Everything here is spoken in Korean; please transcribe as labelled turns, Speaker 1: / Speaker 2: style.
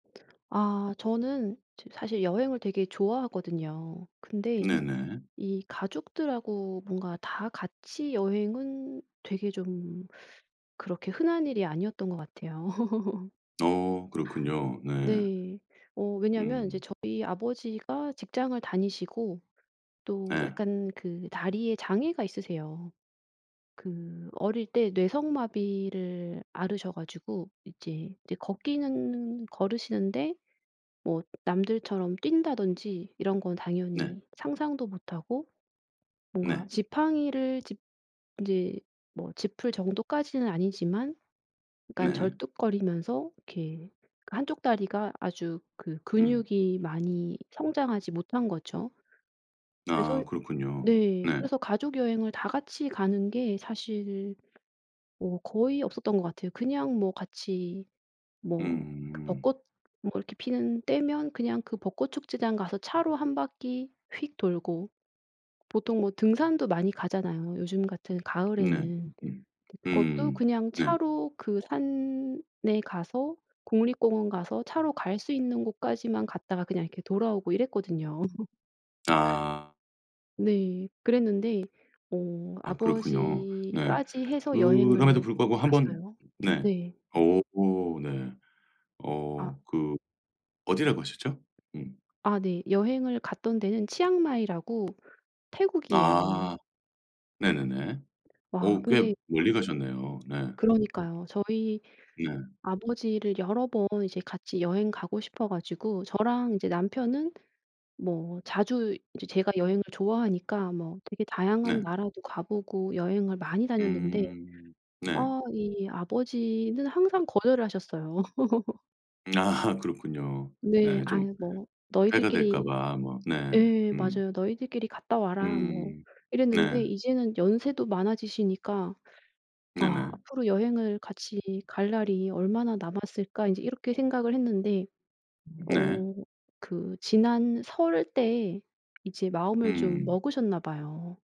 Speaker 1: 아 저는 좀 사실 여행을 되게 좋아하거든요. 근데
Speaker 2: 네네.
Speaker 1: 이 가족들하고 뭔가 다 같이 여행은 되게 좀 그렇게 흔한 일이 아니었던 것 같아요.
Speaker 2: 어, 그렇군요. 네.
Speaker 1: 네 어 왜냐면 이제
Speaker 2: 음.
Speaker 1: 저희 아버지가 직장을 다니시고 또
Speaker 2: 네.
Speaker 1: 약간 그 다리에 장애가 있으세요. 그 어릴 때 뇌성마비를 앓으셔 가지고 이제, 이제 걷기는 걸으시는데 뭐 남들처럼 뛴다든지 이런 건
Speaker 2: 네.
Speaker 1: 당연히 상상도 못하고 뭔가
Speaker 2: 네.
Speaker 1: 지팡이를 짚 이제 뭐 짚을 정도까지는 아니지만 그니까
Speaker 2: 네.
Speaker 1: 절뚝거리면서 이렇게 그 한쪽 다리가 아주 그
Speaker 2: 음.
Speaker 1: 근육이 많이 성장하지 못한 거죠.
Speaker 2: 아,
Speaker 1: 그래서
Speaker 2: 그렇군요.
Speaker 1: 네
Speaker 2: 네.
Speaker 1: 그래서 가족 여행을 다 같이 가는 게 사실 뭐 거의 없었던 것 같아요. 그냥 뭐 같이 뭐 그
Speaker 2: 음.
Speaker 1: 벚꽃 뭐가 이렇게 피는 때면 그냥 그 벚꽃 축제장 가서 차로 한 바퀴 휙 돌고 보통 뭐 등산도 많이 가잖아요 요즘 같은
Speaker 2: 네.
Speaker 1: 가을에는.
Speaker 2: 음
Speaker 1: 근데 그것도
Speaker 2: 음.
Speaker 1: 그냥
Speaker 2: 네.
Speaker 1: 차로 그 산에 가서 국립공원 가서 차로 갈 수 있는 곳까지만 갔다가 그냥 이렇게 돌아오고 이랬거든요.
Speaker 2: 아.
Speaker 1: 네. 그랬는데 어
Speaker 2: 아, 그렇군요. 네
Speaker 1: 아버지까지 해서
Speaker 2: 그럼에도
Speaker 1: 여행을
Speaker 2: 불구하고 한번
Speaker 1: 갔어요.
Speaker 2: 네.
Speaker 1: 네.
Speaker 2: 어 네. 어
Speaker 1: 아.
Speaker 2: 그 어디라고 하셨죠? 음.
Speaker 1: 아 네 여행을 갔던 데는 치앙마이라고 태국이에요.
Speaker 2: 아 네네네.
Speaker 1: 와
Speaker 2: 어 꽤
Speaker 1: 근데
Speaker 2: 멀리 가셨네요. 네.
Speaker 1: 그러니까요. 저희
Speaker 2: 네.
Speaker 1: 아버지를 여러 번 이제 같이 여행 가고 싶어 가지고 저랑 이제 남편은 뭐 자주 이제 제가 여행을 좋아하니까 뭐 되게 다양한
Speaker 2: 네.
Speaker 1: 나라도 가 보고 여행을 많이 다녔는데
Speaker 2: 음. 네.
Speaker 1: 아 이 아버지는 항상 거절을 하셨어요.
Speaker 2: 아, 그렇군요.
Speaker 1: 네
Speaker 2: 네 좀
Speaker 1: "아유 뭐
Speaker 2: 해가 될까
Speaker 1: 너희들끼리"
Speaker 2: 봐. 뭐 네.
Speaker 1: 예
Speaker 2: 음.
Speaker 1: 맞아요. "너희들끼리 갔다 와라." 뭐
Speaker 2: 음
Speaker 1: 이랬는데
Speaker 2: 네.
Speaker 1: 이제는 연세도 많아지시니까 '아
Speaker 2: 네네.
Speaker 1: 앞으로 여행을 같이 갈 날이 얼마나 남았을까.' 인제 이렇게 생각을 했는데
Speaker 2: 네.
Speaker 1: 어 그 지난 설 때 이제 마음을 좀
Speaker 2: 음.
Speaker 1: 먹으셨나 봐요.